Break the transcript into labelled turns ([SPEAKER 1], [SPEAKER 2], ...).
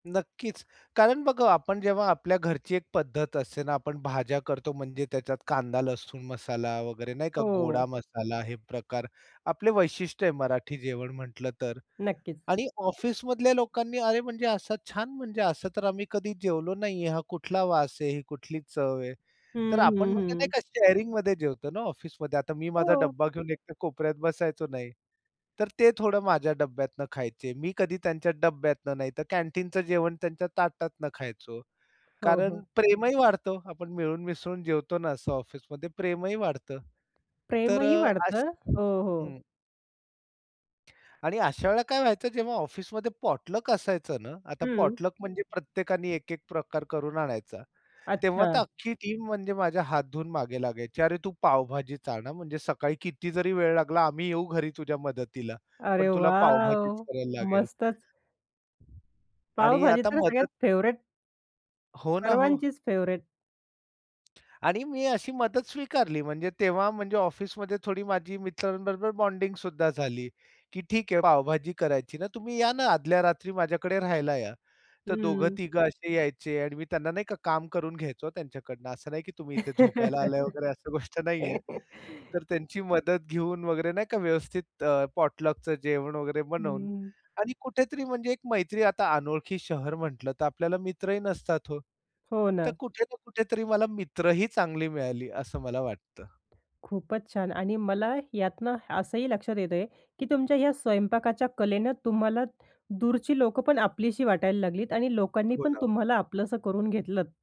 [SPEAKER 1] नक्कीच. कारण बघा, आपण जेव्हा आपल्या घरची एक पद्धत असते ना. आपण भाज्या करतो, म्हणजे त्याच्यात कांदा-लसूण मसाला वगैरे नाही का? गोडा
[SPEAKER 2] हो.
[SPEAKER 1] मसाला हे प्रकार आपले वैशिष्ट्य आहे मराठी जेवण म्हटलं तर.
[SPEAKER 2] नक्कीच.
[SPEAKER 1] आणि ऑफिसमधल्या लोकांनी "अरे, म्हणजे असं छान. म्हणजे असं तर आम्ही कधी जेवलो नाही आहे. हा कुठला वास आहे? ही कुठली चव आहे?" तर
[SPEAKER 2] हं,
[SPEAKER 1] आपण
[SPEAKER 2] हं,
[SPEAKER 1] म्हणजे नाही
[SPEAKER 2] हं.
[SPEAKER 1] का? शेअरिंगमध्ये जेवतो ना ऑफिसमध्ये. आता मी माझा
[SPEAKER 2] हो.
[SPEAKER 1] डब्बा घेऊन एकतर कोपऱ्यात बसायचो नाही. तर ते थोडं माझ्या डब्यातून खायचे. मी कधी त्यांच्या डब्यातनं नाहीतर कॅन्टीनचं जेवण त्यांच्या ताटातनं खायचो.
[SPEAKER 2] हो,
[SPEAKER 1] कारण
[SPEAKER 2] हो.
[SPEAKER 1] प्रेमही वाढतं, आपण मिळून-मिसळून जेवतो ना असं ऑफिसमध्ये. प्रेमही वाढतं. तर
[SPEAKER 2] प्रेमही
[SPEAKER 1] अ,
[SPEAKER 2] वाढतं.
[SPEAKER 1] अशी
[SPEAKER 2] हो, हो.
[SPEAKER 1] हं. आणि अशा वेळेला काय व्हायचं, जेव्हा ऑफिसमध्ये पॉटलक असायचं ना. आता
[SPEAKER 2] हं.
[SPEAKER 1] पॉटलक म्हणजे प्रत्येकाने एक-एक प्रकार करून आणायचा. तेव्हा
[SPEAKER 2] अच्छा.
[SPEAKER 1] तर अख्खी टीम म्हणजे माझ्या हात धुऊन मागे लागायची, "अरे, तू पावभाजीच आण, हां. म्हणजे सकाळी किती जरी वेळ लागला. आम्ही येऊ घरी तुझ्या मदतीला.
[SPEAKER 2] अरे
[SPEAKER 1] पण तुला पावभाजीच
[SPEAKER 2] वॉव!
[SPEAKER 1] करायला लागेल."
[SPEAKER 2] मस्तच.
[SPEAKER 1] आणि
[SPEAKER 2] पावभाजी
[SPEAKER 1] आता
[SPEAKER 2] तर सगळ्यात
[SPEAKER 1] मदत
[SPEAKER 2] फेव्हरेट.
[SPEAKER 1] हो ना. हो.
[SPEAKER 2] सर्वांचीच फेव्हरेट.
[SPEAKER 1] आणि मी अशी मदत स्वीकारली. म्हणजे तेव्हा म्हणजे ऑफिसमध्ये थोडी माझी मित्रांबरोबर बॉन्डिंगसुद्धा झाली. की "ठीक आहे. पावभाजी करायची ना, तुम्ही या ना आदल्या रात्री माझ्याकडे राहायला या." तर दोघं
[SPEAKER 2] हं.
[SPEAKER 1] तिघं असे यायचे आणि मी त्यांना नाही का? काम करून घ्यायचो त्यांच्याकडनं. असं नाही की तुम्ही इथे झोपायला आलाय वगैरे अशा गोष्ट नाहीये. तर त्यांची मदत घेऊन वगैरे नाही का? व्यवस्थित अ, पॉटलकचं जेवण वगैरे बनवून
[SPEAKER 2] हं.
[SPEAKER 1] आणि कुठेतरी म्हणजे एक मैत्री. आता अनोळखी शहर म्हटलं तर आपल्याला मित्रही नसतात हो.
[SPEAKER 2] हो
[SPEAKER 1] तर
[SPEAKER 2] ना.
[SPEAKER 1] कुठे ना कुठेतरी मला मित्र ही चांगले मिळाले असं मला वाटतं.
[SPEAKER 2] खूपच छान आणि मला यातनं असंही लक्षात येतंय की तुमच्या ह्या स्वयंपाकाच्या कलेनं तुम्हाला दूरची लोकं पण आपलीशी वाटायला लागलीत. आणि लोकांनी
[SPEAKER 1] हो
[SPEAKER 2] पण
[SPEAKER 1] ना.
[SPEAKER 2] तुम्हाला आपलंसं करून घेतलंत.